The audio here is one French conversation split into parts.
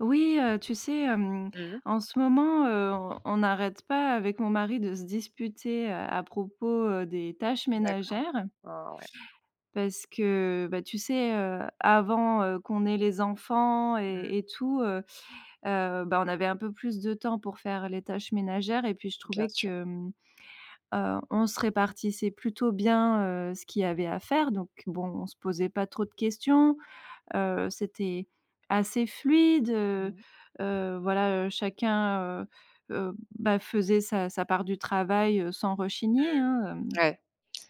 Oui, heu, tu sais, hem, Mmh mh. en ce moment, heu, on on n'arrête pas avec mon mari de se disputer, heu, à propos, heu, des tâches D'accord. ménagères Ah ouais. parce que, bah, tu sais, heu, avant, heu, qu'on ait les enfants Mmh. et et tout, heu heu, bah, on avait un peu plus de temps pour faire les tâches ménagères et puis je Bien trouvais sûr. que, mmh, heu, on se répartissait plutôt bien, heu, ce qu'il y avait à faire donc bon, on se posait pas trop de questions, heu, c'était assez fluide, heu, Mmh. heu, voilà, heu, chacun, heu heu, bah faisait sa sa part du travail, heu, sans Heu, rechigner, hein, hem, ouais.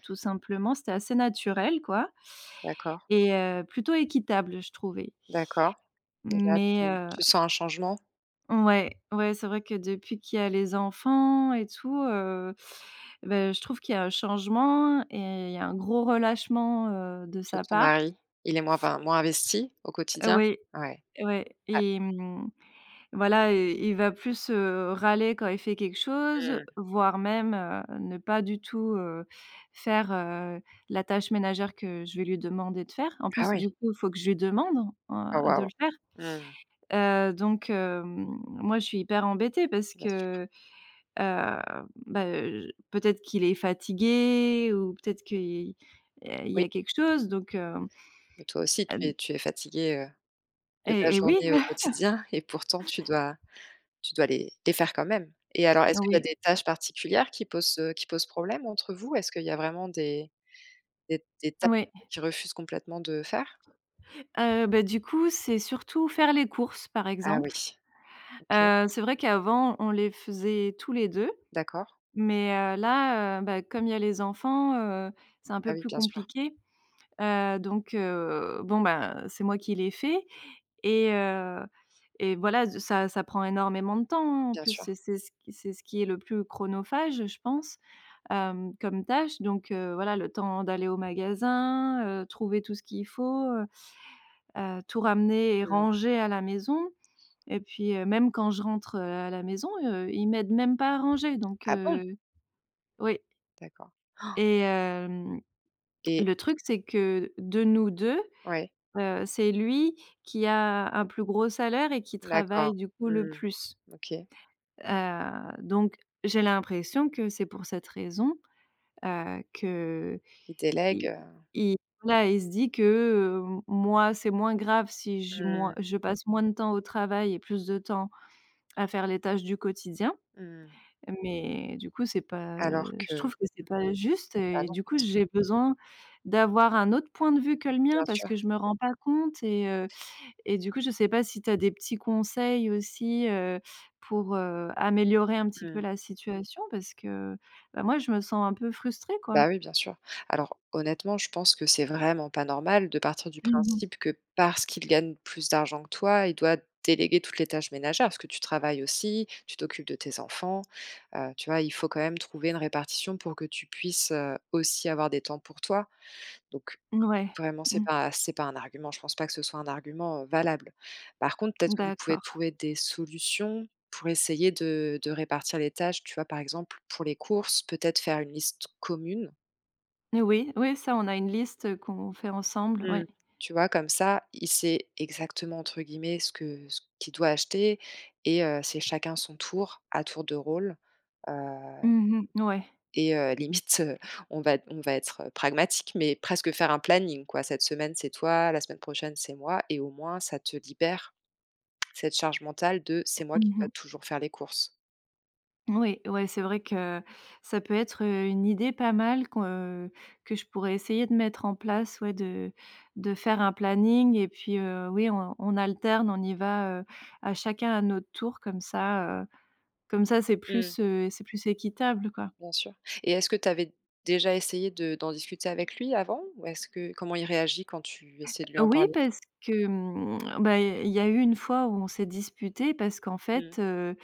tout simplement. C'était assez naturel quoi D'accord. et heu, plutôt équitable je trouvais. D'accord, et là, Mais tu heu tu sens un changement? Ouais, ouais, c'est vrai que depuis qu'il y a les enfants et tout, heu, ben je trouve qu'il y a un changement et il y a un gros relâchement, heu, de De sa ton part. mari, il est moins, enfin moins investi au quotidien? Ouais, Ouais, ouais ah et mmh, voilà, heu, il va plus, heu, râler quand il fait quelque chose, Mmh. voire même, heu, ne pas du tout, heu, faire, heu, la tâche ménagère que je vais lui demander de faire. En Ah plus oui! du coup, il faut que je lui demande, Oh heu, de waouh! le faire. Mmh mh. Heu, donc, heu, moi je suis hyper embêtée parce Bien sûr. que, heu, ben, heu, j peut-être qu'il est fatigué ou peut-être que i heu, il y Oui. a quelque chose donc, hem, Mais toi aussi, tu heu, es d tu es fatiguée, heu, de ta Et et oui. journée au quotidien et pourtant tu dois tu dois les les faire quand même. Et alors est-ce qu'il y a Oui. des tâches particulières qui posent, heu, qui posent problème entre vous? Est-ce qu'il y a vraiment des des des tâches Ouais. qu'il refuse complètement de faire? Heu, bah, du coup, c'est surtout faire les courses, par Ah oui. exemple. OK. Heu, c'est vrai qu'avant, on les faisait tous les 2, D'accord. mais, heu, là, heu, bah, comme il y a les enfants, heu, c'est un Ah peu oui, plus bien sûr. compliqué, heu, donc, heu, bon, ben, c'est moi qui les fait et heu, et voilà, ze ça ça prend énormément de temps, hein, en Bien plus, c'est sûr. c'est ce q c'est ce qui est le plus chronophage, je pense, hem, comme tâche donc, heu, voilà le temps d'aller au magasin, heu, trouver tout ce qu'il faut, heu heu, tout ramener et Mmh. ranger à la maison et puis, heu, même quand je rentre, heu, à la maison, heu, il m'aide même pas à ranger donc, Ah bon? heu Oui. D'accord. Et hem, Et le truc c'est que de nous 2, Ouais. heu, c'est lui qui a un plus gros salaire et qui D'accord. travaille du coup le Mmh, plus OK. heu, donc, j'ai l'impression que c'est pour cette raison, heu, qu’iil Il délègue, heu il voilà il se dit que, heu, moi, c'est moins grave si je Mmh moi mh. je passe moins de temps au travail et plus de temps à faire les tâches du quotidien. Mmh mh. Mais du coup, c'est pas, heu, Alors je que, trouve que c'est mmh pas juste bah et non, du bien coup, sûr. j'ai besoin d'avoir un autre point de vue que le mien Bien parce sûr. que je me rends pas compte et heu, et du coup, je sais pas si tu as des petits conseils aussi, heu, pour, heu, améliorer un petit Mmh peu mh. la situation parce que, bah moi je me sens un peu frustrée, quoi. Bah oui, bien sûr. Alors honnêtement, je pense que c'est vraiment pas normal de partir du Mmh mh. principe que parce qu'il gagne plus d'argent que toi, il doit déléguer toutes les tâches ménagères parce que tu travailles aussi, tu t'occupes de tes enfants, heu, tu vois? Il faut quand même trouver une répartition pour que tu puisses, heu, aussi avoir des temps pour toi. Donc, Ouais, vraiment, c'est Mmh. pas c'est pas un argument. Je pense pas que ce soit un argument, heu, valable. Par contre, peut-être que vous pouvez D'accord. trouver des solutions pour essayer de de répartir les tâches, tu vois? Par exemple, pour les courses, peut-être faire une liste commune? N oui, oui, ça on a une liste qu'on fait ensemble, oui. Mmh, tu vois comme ça, il sait exactement, entre guillemets, ce que ce qu'il doit acheter et heu, c'est chacun son tour, à tour de rôle, heu Mmh mh, ouais. et heu, limite, heu, on va on va être pragmatique, mais presque faire un planning, quoi. «Cette semaine, c'est toi, la semaine prochaine c'est moi» et au moins, ça te libère cette charge mentale de «c'est moi Mmh qui dois mh. toujours faire les courses». Oui, ouais, c'est vrai que ça peut être, heu, une idée pas mal qu'on, heu, que je pourrais essayer de mettre en place ouais, de de faire un planning et puis, heu, oui on on alterne, on y va, heu, à chacun, à notre tour comme ça, heu, comme ça c'est Mmh mh. plus, heu, c'est plus équitable quoi. Bien sûr. Et est-ce que tu avais déjà essayé de d'en discuter avec lui, avant? Ou est-ce que comment il réagit quand tu essaies de lui Heu, en oui, parler? parce que, mmh, bah il y a il y a eu une fois où on s'est disputés parce qu'en fait, Mmh. heu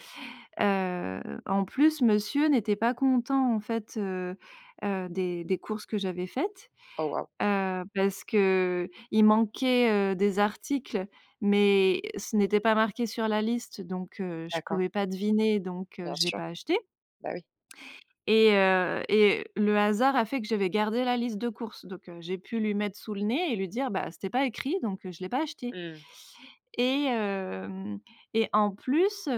heu, en plus, monsieur n'était pas content, en fait, heu heu, des des courses que j'avais faites, Oh waouh! heu, parce qu'il manquait, heu, des articles, mais ce n'était pas marqué sur la liste donc, heu, je D'accord. pouvais pas deviner donc, heu, Bien j'ai sûr, pas acheté bah oui. et heu, et le hasard a fait que j'avais gardé la liste de courses. Donc, heu, j'ai pu lui mettre sous le nez et lui dire: «Bah c'était pas écrit, donc heu, je l'ai pas acheté». Mmh mh. Et hem et en plus,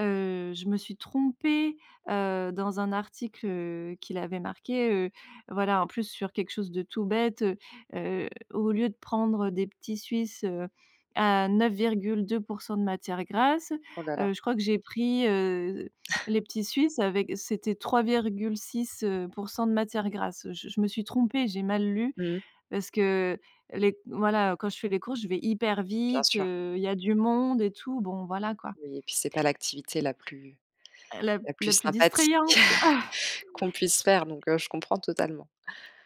heu, je me suis trompée, heu, dans un article, heu, qu'il avait marqué, heu, voilà, en plus, sur quelque chose de tout bête, heu, au lieu de prendre des petits Suisses, heu, à 9,2 % de matière grasse, Oh là là! heu, je crois que j'ai pris, heu, les petits Suisses avec c'était 3,6 %, de matière grasse. Je je me suis trompée, j'ai mal lu Mmh mh. parce que les voilà, heu, quand je fais les courses, je vais hyper Bien vite, sûr. heu, il y a du monde et tout, bon, voilà quoi. Oui et puis c'est pas l'activité la plus La la plus la plus sympathique distrayante quoi. qu'on puisse faire, donc, heu, je comprends totalement.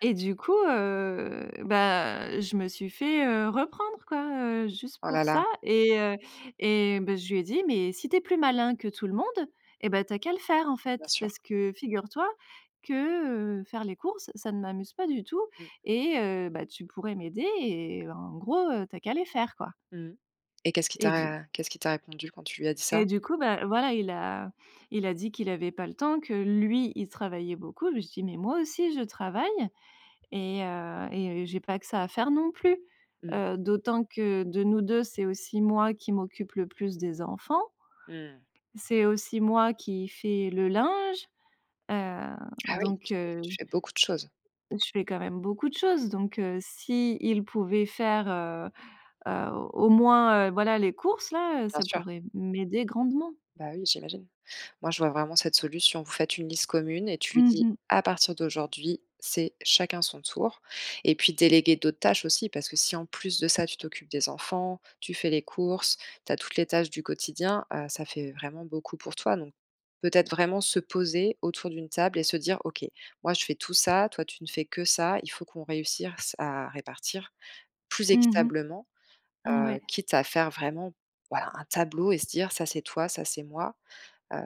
Et du coup heu, bah je me suis fait, heu, reprendre quoi, heu, juste Oh là pour ça là! et heu et bah je lui ai dit: «Mais si tu es plus malin que tout le monde, et bah tu as qu'à le faire, en Bien fait, sûr. parce que figure-toi que, heu, faire les courses, ça ne m'amuse pas du tout Mmh. et heu, bah tu pourrais m'aider, et en gros tu as qu'à les faire quoi». Mmh mh. Et qu'est-ce qu'il Et du t'a qu'est-ce qu'il t'a répondu quand tu lui as dit et ça? du coup bah voilà, il a il a dit qu'il avait pas le temps, que lui il travaillait beaucoup, je me suis dis: «Mais moi aussi je travaille et heu et j'ai pas que ça à faire non plus, Mmh. heu, d'autant que de nous 2, c'est aussi moi qui m'occupe le plus des enfants». Mmh. «c'est aussi moi qui fais le linge». Heu, Ah oui, donc, tu fais, heu, tu j fais beaucoup de choses. Je fais quand même beaucoup de choses donc, heu, s'il pouvait faire, heu heu, au au moins, heu, voilà les courses là, Bien ça sûr. pourrait m'aider grandement. Bah oui, j'imagine. Moi, je vois vraiment cette solution. Vous faites une liste commune et tu lui Mmh dis: mh. «À partir d'aujourd'hui, c'est chacun son tour». Et puis déléguer d'autres tâches aussi, parce que si en plus de ça, tu t'occupes des enfants, tu fais les courses, tu as toutes les tâches du quotidien, heu, ça fait vraiment beaucoup pour toi donc, peut-être vraiment se poser autour d'une table et se dire: «OK, moi je fais tout ça, toi tu ne fais que ça, il faut qu'on réussisse à répartir plus Mmh mh. équitablement». Mmh Heu, ouais. quitte à faire vraiment, voilà, un tableau et se dire: «Ça c'est toi, ça c'est moi, heu,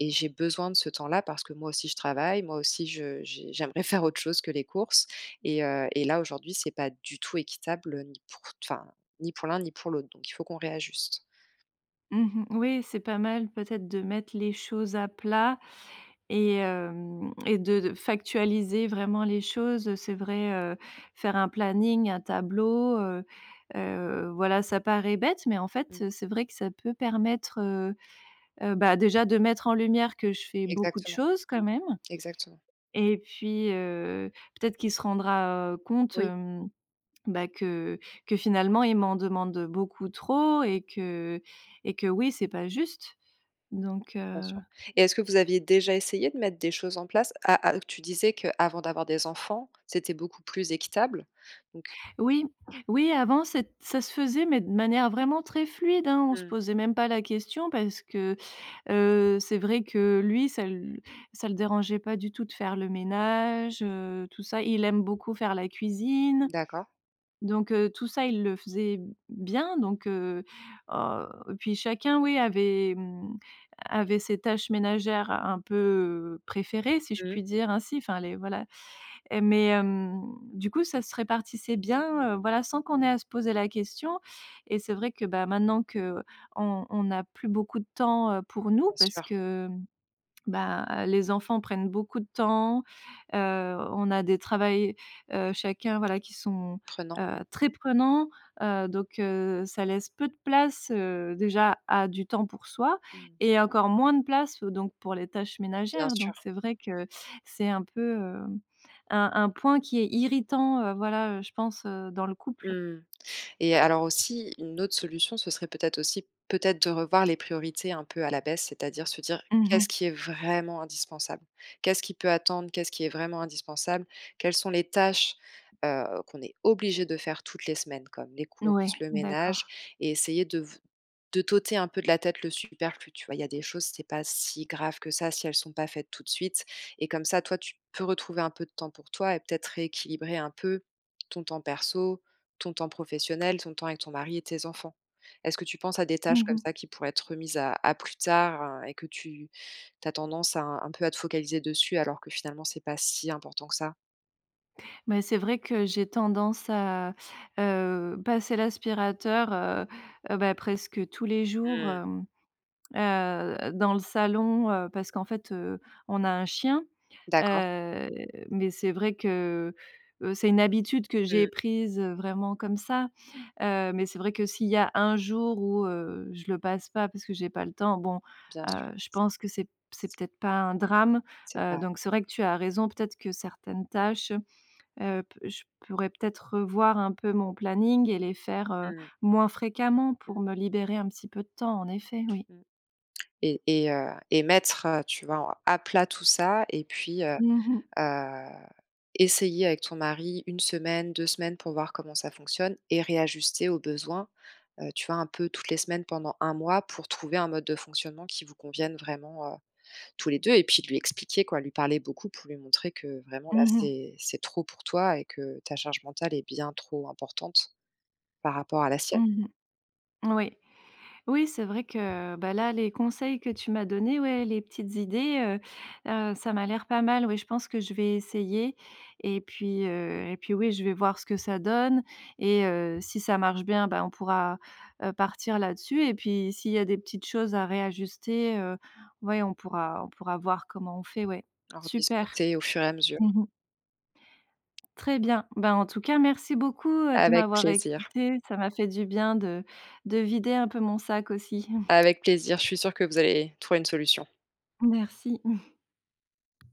et j'ai besoin de ce temps-là parce que moi aussi je travaille, moi aussi je je j'aimerais faire autre chose que les courses et heu, et là aujourd'hui c'est pas du tout équitable ni pour t enfin ni pour l'un ni pour l'autre, donc il faut qu'on réajuste». Mmh mh, oui, c'est pas mal peut-être de mettre les choses à plat et hem, et de de factualiser vraiment les choses, heu, c'est vrai, heu, faire un planning, un tableau, heu heu, voilà, ça paraît bête, mais en fait Mmh. c'est vrai que ça peut permettre, heu heu, bah, déjà de mettre en lumière que je fais beaucoup de Exactement. choses, quand même, Exactement. et puis, heu, peut-être qu'il se rendra compte, Oui. hem, bah, que que finalement il m'en demande beaucoup trop et que et que, oui, c'est pas juste donc, Bien heu sûr. Et est-ce que vous aviez déjà essayé de mettre des choses en place? À à tu disais qu'avant d'avoir des enfants, c'était beaucoup plus équitable. Donc Oui oui, avant c'ét ça se faisait mais de manière vraiment très fluide, hein, on se Mmh. posait même pas la question parce que, heu, c'est vrai que lui, ça l ça le dérangeait pas du tout de faire le ménage, heu, tout ça, il aime beaucoup faire la cuisine. D'accord. Donc, heu, tout ça il le faisait bien donc, heu, au puis chacun, oui, avait, mmh, avait ses tâches ménagères un peu préférées, si je Mmh mh. puis dire ainsi, enfin, les voilà. Et mais, hem, du coup ça se répartissait bien, heu, voilà sans qu'on ait à se poser la question et c'est vrai que, bah, maintenant qu'on on n'a plus beaucoup de temps, heu, pour nous Bien parce sûr. que, hem, bah, les enfants prennent beaucoup de temps, heu, on a des travails, heu, chacun, voilà, qui sont, Prenant. heu, très prenants, heu, donc, heu, ça laisse peu de place, heu, déjà A: du temps pour soi Mmh. et encore moins de place, heu, donc pour les tâches Bien ménagères. Donc sûr. c'est vrai que c'est un peu, hem, un un point qui est irritant, heu, voilà, je pense, heu, dans le couple. Mmh. Et alors aussi une autre solution, ce serait peut-être aussi peut-être de revoir les priorités un peu à la baisse. C'est-à-dire se dire: Mmh mh. «Qu'est-ce qui est vraiment indispensable? Qu'est-ce qui peut attendre? Qu'est-ce qui est vraiment indispensable? Quelles sont les tâches, heu, qu'on est obligés de faire toutes les semaines comme les N courses, ouais, le ménage?», d'accord. et essayer de v de t'ôter un peu de la tête le superflu, tu vois? Il y a des choses, c'est pas si grave que ça si elles sont pas faites tout de suite. Et comme ça, toi tu peux retrouver un peu de temps pour toi et peut-être rééquilibrer un peu ton temps perso, ton temps professionnel, ton temps avec ton mari et tes enfants. Est-ce que tu penses à des Mmh tâches comme mh. ça qui pourraient être remises à à plus tard et que tu tu as tendance à un peu à te focaliser dessus alors que finalement, c'est pas si important que ça? Mais c'est vrai que j'ai tendance à, heu, passer l'aspirateur, heu heu, bah, presque tous les jours, Mmh mh. hem, heu, dans le salon, heu, parce qu'en fait, heu, on a un chien, D'accord. heu, mais c'est vrai que, heu heu c'est une habitude que j'ai Mmh. prise vraiment comme ça, heu, mais c'est vrai que s'il y a un jour où, heu, je le passe pas, parce que j'ai pas le temps, bon, Bien sûr. heu, je pense que c'est p c'est peut-être pas un drame, C'est heu, pas donc c'est vrai que tu as raison. Peut-être que certaines tâches, heu, p je pourrais peut-être, revoir un peu mon planning et les faire, heu, Mmh mh. moins fréquemment, Mmh. pour me libérer un petit peu de temps, en effet, oui. Mmh et et heu et mettre, heu, tu vois, en à plat tout ça et puis, heu Mmh mh. heu, essayer avec ton mari, 1 semaine, 2 semaines pour voir comment ça fonctionne et réajuster aux besoins, eu, tu vois un peu toutes les semaines, pendant 1 mois, pour trouver un mode de fonctionnement qui vous convienne vraiment, heu, tous les deux et puis lui expliquer, quoi, lui parler beaucoup pour lui montrer que vraiment là, Mmh mh. c'est c'est trop pour toi et que ta charge mentale est bien trop importante, par rapport à la sienne. Mmh mh. Oui. Oui, c'est vrai que, bah, là, les conseils que tu m'as donnés, ouais, les petites idées, heu heu ça m'a l'air pas mal, oui, je pense que je vais essayer et puis, heu et puis oui, je vais voir ce que ça donne et heu, si ça marche bien, bah, on pourra, heu, partir là-dessus et puis, s'il y a des petites choses à réajuster, heu, ouais, on pourra on pourra voir comment on fait, ouais. En Super. rediscuter au fur et à mesure. Mmh mh. Très bien. Ben, en tout cas, merci beaucoup, heu, de Avec m'avoir plaisir. écoutée, ça m'a fait du bien de de vider un peu mon sac, aussi. Avec plaisir. Je suis sûre que vous allez trouver une solution. Merci.